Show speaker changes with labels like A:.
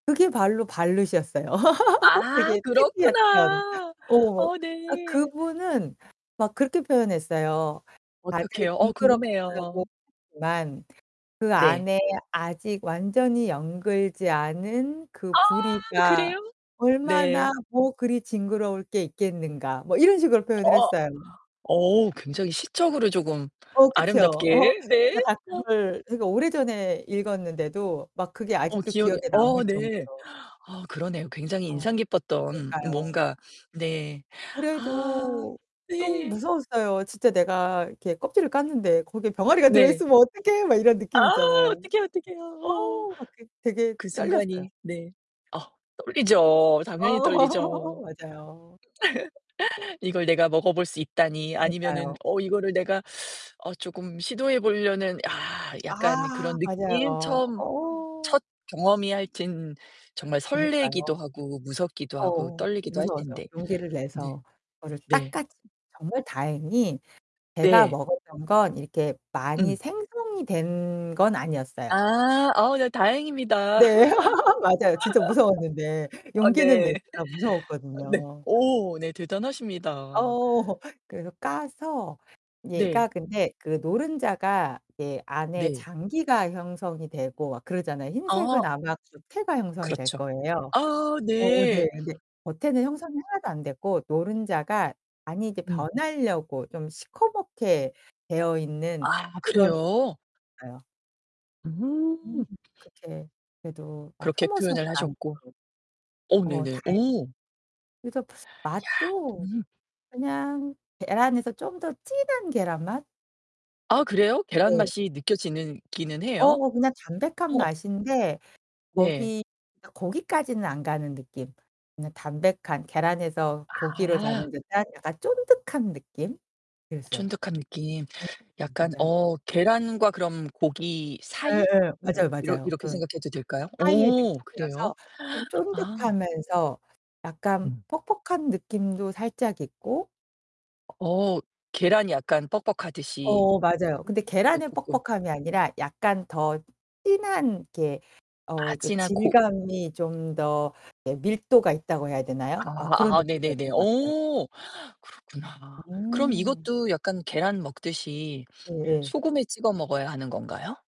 A: 그게 발로 발룻이었어요.
B: 아.
A: 되게 특이했던
B: 그렇구나.
A: 어.
B: 어
A: 아
B: 네.
A: 그분은 막 그렇게 표현했어요. 다들
B: 어떻게 해요? 어 궁금해요.
A: 징그럽다고만 그
B: 네.
A: 안에 아직 완전히 영글지 않은 그
B: 아
A: 부리가
B: 그래요? 네.
A: 얼마나 뭐 그리 징그러울 게 있겠는가.' 뭐 이런 식으로 표현을
B: 어.
A: 했어요.
B: 어오. 굉장히 시적으로 조금
A: 어 그쵸.
B: 아름답게, 네.
A: 제가 다
B: 어.
A: 그걸 되게 오래전에 읽었는데도 막 그게
B: 어
A: 아직도
B: 기억이
A: 기억에
B: 어
A: 남을
B: 네.
A: 정도로.
B: 아 그러네요. 굉장히
A: 어.
B: 인상 깊었던
A: 그니까요.
B: 뭔가. 네. 아.
A: 그래도 좀
B: 네.
A: 무서웠어요. 진짜 내가 이렇게 껍질을 깠는데 거기에 병아리가
B: 네.
A: 들어있으면 어떡해? 막 이런
B: 아.
A: 느낌 있잖아요.
B: 어떡해, 어떡해요.
A: 어
B: 어.
A: 막 그 되게
B: 그
A: 떨렸어요.
B: 순간이 네. 아. 떨리죠, 당연히 떨리죠.
A: 어. 맞아요.
B: 이걸 내가 먹어볼 수 있다니. 아니면은
A: 그니까요.
B: 어 이거를 내가 어 조금 시도해 보려는 아 약간
A: 아.
B: 그런 느낌?
A: 맞아요.
B: 처음
A: 어.
B: 첫 경험이 하여튼
A: 그
B: 정말
A: 그니까요.
B: 설레기도 하고, 무섭기도 하고,
A: 어.
B: 떨리기도 할
A: 무서워서
B: 텐데.
A: 용기를
B: 네.
A: 내서 그거를 딱
B: 네.
A: 까지 정말 다행히 제가
B: 네.
A: 먹었던 건 이렇게 많이
B: 음.
A: 생성이 된 건 아니었어요.
B: 아. 어 네 다행입니다.
A: 네 맞아요. 진짜 무서웠는데
B: 아
A: 용기는
B: 네.
A: 냈으나
B: 네.
A: 무서웠거든요.
B: 오. 대단하십니다.
A: 어. 그래서 까서 얘가
B: 네.
A: 근데 그 노른자가 예 안에
B: 네.
A: 장기가 형성이 되고 막 그러잖아요.
B: 아.
A: 흰색은 아마 겉에가 형성이 될
B: 그렇죠.
A: 거예요.
B: 아
A: 어어
B: 네.
A: 네네. 겉에는 형성이 하나도 안되고 노른자가 안이 이제
B: 음.
A: 변하려고 좀 시커멓게 되어있는
B: 아
A: 그런
B: 그래요?
A: 상태였어요. 음
B: 음.
A: 그렇게 그래도 막
B: 그렇게
A: 혐오스럽지
B: 표현을
A: 않죠.
B: 하셨고. 어
A: 어
B: 네네.
A: 다행
B: 어.
A: 그래서
B: 야
A: 맛도
B: 음.
A: 그냥 계란에서 좀 더 진한 계란 맛?
B: 아 그래요? 계란
A: 네.
B: 맛이 느껴지는 기는 해요.
A: 어. 그냥 담백한
B: 어.
A: 맛인데
B: 네.
A: 거기 거기까지는 안 가는 느낌. 그냥 담백한 계란에서 고기로
B: 아.
A: 가는 듯한 약간 쫀득한 느낌? 그랬어요.
B: 쫀득한 느낌.
A: 음
B: 약간
A: 맞아요.
B: 어 계란과 그럼 고기 사이?
A: 예예.
B: 뭐
A: 맞아요,
B: 이러
A: 맞아요.
B: 이렇게
A: 그
B: 생각해도 될까요?
A: 사이의
B: 오 그래요?
A: 느낌이어서 좀
B: 아.
A: 쫀득하면서 약간
B: 음.
A: 퍽퍽한 느낌도 살짝 있고.
B: 어. 계란이 약간 뻑뻑하듯이.
A: 어. 맞아요. 근데
B: 예
A: 계란의
B: 조금.
A: 뻑뻑함이 아니라 약간 더 진한 이렇게 어
B: 아
A: 이렇게
B: 찐한 코
A: 질감이 좀 더 예 밀도가 있다고 해야 되나요? 막 그런
B: 아 아 네네네.
A: 느낌이었던 것 같아요.
B: 어 그렇구나. 그럼
A: 음.
B: 이것도 약간 계란 먹듯이
A: 예예.
B: 소금에 찍어 먹어야 하는 건가요?